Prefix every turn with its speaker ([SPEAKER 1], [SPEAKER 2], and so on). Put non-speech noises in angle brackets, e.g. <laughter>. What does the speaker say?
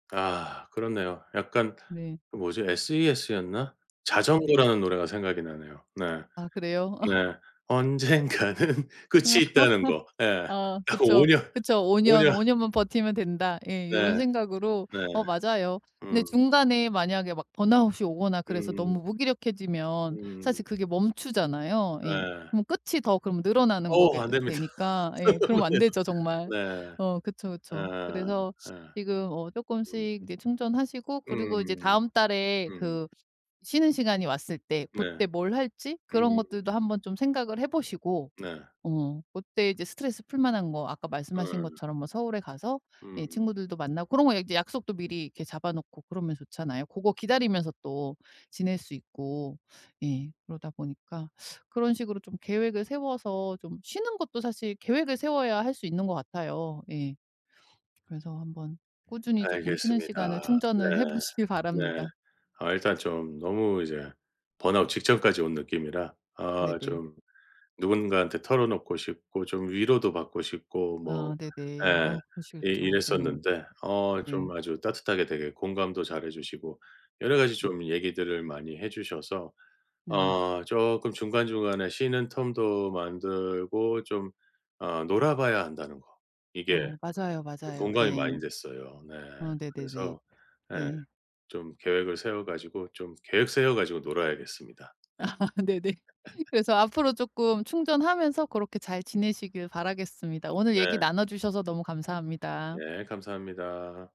[SPEAKER 1] 아 그렇네요. 약간
[SPEAKER 2] 네.
[SPEAKER 1] 그 뭐지? S.E.S.였나?
[SPEAKER 2] 네네.
[SPEAKER 1] 자전거라는 노래가 생각이 나네요. 네.
[SPEAKER 2] 아 그래요? <laughs>
[SPEAKER 1] 네. 언젠가는 끝이 있다는 거.
[SPEAKER 2] <laughs>
[SPEAKER 1] 예.
[SPEAKER 2] 아
[SPEAKER 1] 딱 5
[SPEAKER 2] 그쵸.
[SPEAKER 1] 년,
[SPEAKER 2] 그쵸. '5
[SPEAKER 1] 5
[SPEAKER 2] 년,
[SPEAKER 1] 년.
[SPEAKER 2] 5 년만 버티면 된다.' 예. 이런
[SPEAKER 1] 네.
[SPEAKER 2] 생각으로.
[SPEAKER 1] 네.
[SPEAKER 2] 어 맞아요. 근데
[SPEAKER 1] 음.
[SPEAKER 2] 중간에 만약에 막 번아웃이 오거나 그래서
[SPEAKER 1] 음.
[SPEAKER 2] 너무 무기력해지면
[SPEAKER 1] 음.
[SPEAKER 2] 사실 그게 멈추잖아요. 예.
[SPEAKER 1] 예.
[SPEAKER 2] 그럼 끝이 더 그럼 늘어나는 거게
[SPEAKER 1] 어
[SPEAKER 2] 으
[SPEAKER 1] 안됩니다.
[SPEAKER 2] 되니까 예 그러면 안
[SPEAKER 1] <unintelligible>
[SPEAKER 2] 되죠 정말.
[SPEAKER 1] 네. 예.
[SPEAKER 2] 어 그쵸, 그쵸. 그래서
[SPEAKER 1] 예.
[SPEAKER 2] 지금 어
[SPEAKER 1] 음.
[SPEAKER 2] 쪼끔씩 이제 충전하시고 그리고 이제
[SPEAKER 1] 음.
[SPEAKER 2] 다음 달에
[SPEAKER 1] 음.
[SPEAKER 2] 그 쉬는 시간이 왔을 때
[SPEAKER 1] 네.
[SPEAKER 2] 그때 뭘 할지 그런
[SPEAKER 1] 음.
[SPEAKER 2] 것들도 한번 좀 생각을 해 보시고
[SPEAKER 1] 네.
[SPEAKER 2] 어 그때 이제 스트레스 풀만한 거 아까 말씀하신
[SPEAKER 1] 예.
[SPEAKER 2] 것처럼 뭐 서울에 가서 이
[SPEAKER 1] 음.
[SPEAKER 2] 친구들도 만나고 그런 거 약속도 미리 이렇게 잡아 놓고 그러면 좋잖아요. 고거 기다리면서 또 지낼 수 있고. 예. 그러다 보니까 그런 식으로 좀 계획을 세워서 좀 쉬는 것도 사실 계획을 세워야 할 수 있는 것 같아요. 예. 그래서 한번 꾸준히 쪼끔 쉬는 시간을
[SPEAKER 1] 알겠습니다. 네.
[SPEAKER 2] 충전을 해 보시길
[SPEAKER 1] 네.
[SPEAKER 2] 바랍니다.
[SPEAKER 1] 어 일단 좀 너무 이제 번아웃 직전까지 온 느낌이라 어
[SPEAKER 2] 네네.
[SPEAKER 1] 좀 누군가한테 털어놓고 싶고 좀 위로도 받고 싶고 뭐
[SPEAKER 2] 아 네네.
[SPEAKER 1] 예
[SPEAKER 2] 어
[SPEAKER 1] 이
[SPEAKER 2] 그러시겠죠. 네.
[SPEAKER 1] 이랬었는데 어 좀
[SPEAKER 2] 네.
[SPEAKER 1] 아주 따뜻하게 되게 공감도 잘 해 주시고 여러 가지
[SPEAKER 2] 예.
[SPEAKER 1] 좀 얘기들을 많이 해 주셔서
[SPEAKER 2] 네네.
[SPEAKER 1] 어 조끔 중간중간에 쉬는 텀도 만들고 좀 어 놀아 봐야 한다는 거 이게
[SPEAKER 2] 어 맞아요.
[SPEAKER 1] 그
[SPEAKER 2] 맞아요.
[SPEAKER 1] 공감이 많이
[SPEAKER 2] 예.
[SPEAKER 1] 됐어요. 네.
[SPEAKER 2] 어 네네네.
[SPEAKER 1] 그래서 예
[SPEAKER 2] 네.
[SPEAKER 1] 좀 계획을 세워 가지고, 좀 계획 세워 가지고 놀아야겠습니다.
[SPEAKER 2] <laughs> 네네.
[SPEAKER 1] 예. <laughs>
[SPEAKER 2] 그래서 앞으로 쪼끔 충전하면서 그렇게 잘 지내시길 바라겠습니다. 오늘 얘기
[SPEAKER 1] 네.
[SPEAKER 2] 나눠 주셔서 너무 감사합니다.
[SPEAKER 1] 예. 감사합니다.